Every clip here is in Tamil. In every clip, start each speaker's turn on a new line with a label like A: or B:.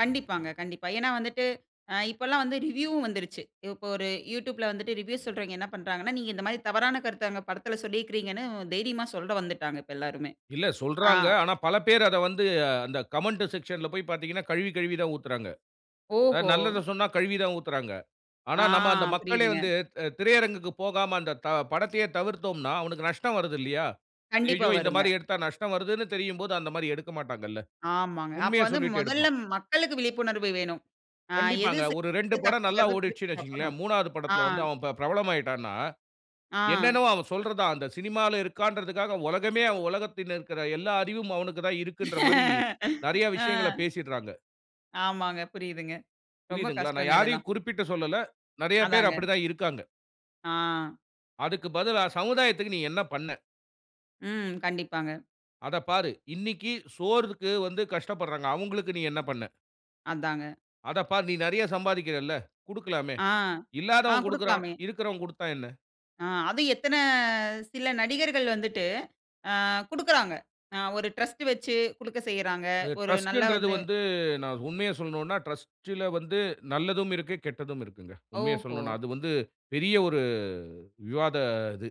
A: கண்டிப்பாங்க கண்டிப்பா. ஏன்னா வந்துட்டு, அ இப்பல்லாம் வந்து ரிவ்யூவும் வந்துருச்சு. இப்போ ஒரு யூட்யூப்ல வந்துட்டு ரிவ்யூஸ் சொல்றவங்க என்ன பண்றாங்கன்னா, நீங்க இந்த மாரி தவறான கருத்த அங்க படத்துல சொல்லீக்குறீங்கன்னு, தைரியமா சொல்ல வந்துட்டாங்க இப்ப எல்லாருமே.
B: இல்ல
A: ஆ.
B: சொல்றாங்க. ஆனா பலபேர் அத வந்து, அந்த கமெண்ட் செக்க்ஷன்ல போய் பாத்தீங்கன்னா, கழுவி கழுவி தான் ஊத்துறாங்க.
A: ஓஹோ!
B: அதாவது நல்லத சொன்னா, கழுவி தான் ஊத்துறாங்க. ஆனா
A: ஆ.
B: நம்ம அந்த மக்களே
A: புரியுதுங்க.
B: வந்து, திரையரங்குக்கு போகாம அந்த த படத்தையே தவிர்த்தோம்ன்னா, அவனுக்கு நஷ்டம் வருது இல்லையா?
A: கண்டிப்பா
B: ஐயய்யோ! இந்த
A: வருங்க.
B: மாரி எடுத்தா நஷ்டம் வருதுன்னு தெரியும்போது, அந்த மாரி எடுக்க மாட்டாங்கள்ல.
A: ஆமாங்க. அப்போ
B: உண்மய
A: வந்து
B: சொல்லிட்டு
A: மொதல்ல
B: எடுப்பான்.
A: மக்களுக்கு விழிப்புணர்வு வேணும். அ எது
B: கண்டிப்பாங்க,
A: சரி,
B: ஒரு 2
A: எது
B: படம் நல்லா
A: தப்புங்குறத பிரிச்சு
B: ஓடிட்ச்சுன்னு
A: பாக்கணும்.
B: வச்சிக்கங்களேன், 3ஆவது
A: ஆ.
B: படத்துல வந்து அவன் பி பிரபலம் ஆயிட்டான்ன்னா,
A: ஆ.
B: என்னென்னவோ, அவன் சொல்றத தான் அந்த சினிமால இருக்கான்றதுக்காக, உலகமே அவன் உலகத்தில இருக்கிற எல்லா அறிவும் அவனுக்கு தான் இருக்குன்ற மாரி நெறைய
A: ஆ.
B: விஷயங்கள பேசிடுறாங்க.
A: ஆமாங்க, புரியுதுங்க. ரொம்ப
B: புரியுதுங்களா? நான்
A: கஷ்டங்க இதெல்லாம்.
B: யாரையும் குறிப்பிட்டு சொல்லல. நெறைய பேர்
A: அதாங்க.
B: அப்புடி தான் இருக்காங்க.
A: ஆ.
B: அதுக்கு பதிலா சமுதாயத்துக்கு நீ என்ன பண்ண?
A: ம், கண்டிப்பாங்க.
B: அதப் பாரு. இன்னைக்கு சோறுக்கு வந்து கஷ்டப்படுறாங்க. அவுங்களுக்கு நீ என்ன பண்ண?
A: அதாங்க.
B: அத பார், நீ நெறைய சம்பாதிக்கிறல்ல, குடுக்கலாமே.
A: ஆ. ஆ,
B: இல்லாதவன் குடுக்குறான்.
A: குடுக்கலாமே!
B: இருக்குறவன் குடுத்தா என்ன?
A: அ அதும் எத்தன சில நடிகர்கள் வந்துட்டு அ குடுக்குறாங்க. அ ஒரு ட்ரஸ்ட் வச்சி குடுக்க செய்றாங்க.
B: அது
A: ஒரு நல்ல
B: டிரஸ்ட்டுன்றது
A: வந்து
B: வந்து நான் உண்மைய சொல்லனுன்னா, டிரஸ்ட்டில வந்து நல்லதும் இருக்கு, கெட்டதும் இருக்குங்க. உண்மைய
A: ஓஹோ!
B: சொல்லனுன்னா, அது வந்து பெரிய ஒரு விவாத இது.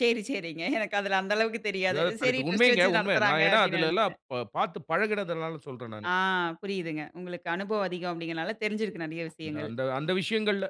A: சரி சரிங்க. எனக்கு அதுல அந்த அளவுக்கு தெரியாது.
B: வேற
A: சரி
B: தலைப்பு.
A: ட்ரஸ்ட்
B: உண்மைங்க,
A: வச்சு
B: உண்ம.
A: நடத்துறாங்க
B: நான் ஏன்னா
A: அப்டின்னு
B: அதிலல்லாம்
A: நினைச்ட்டேன்.
B: பாத்து பழகுனதால சொல்றேன் நானு.
A: ஆ புரியுதுங்க. உங்களுக்கு அனுபவம் அதிகம் அப்டீங்குறனால, தெரிஞ்சிருக்கு நிறைய விஷயங்கள்.
B: அந்த அந்த விஷயங்கள்ல.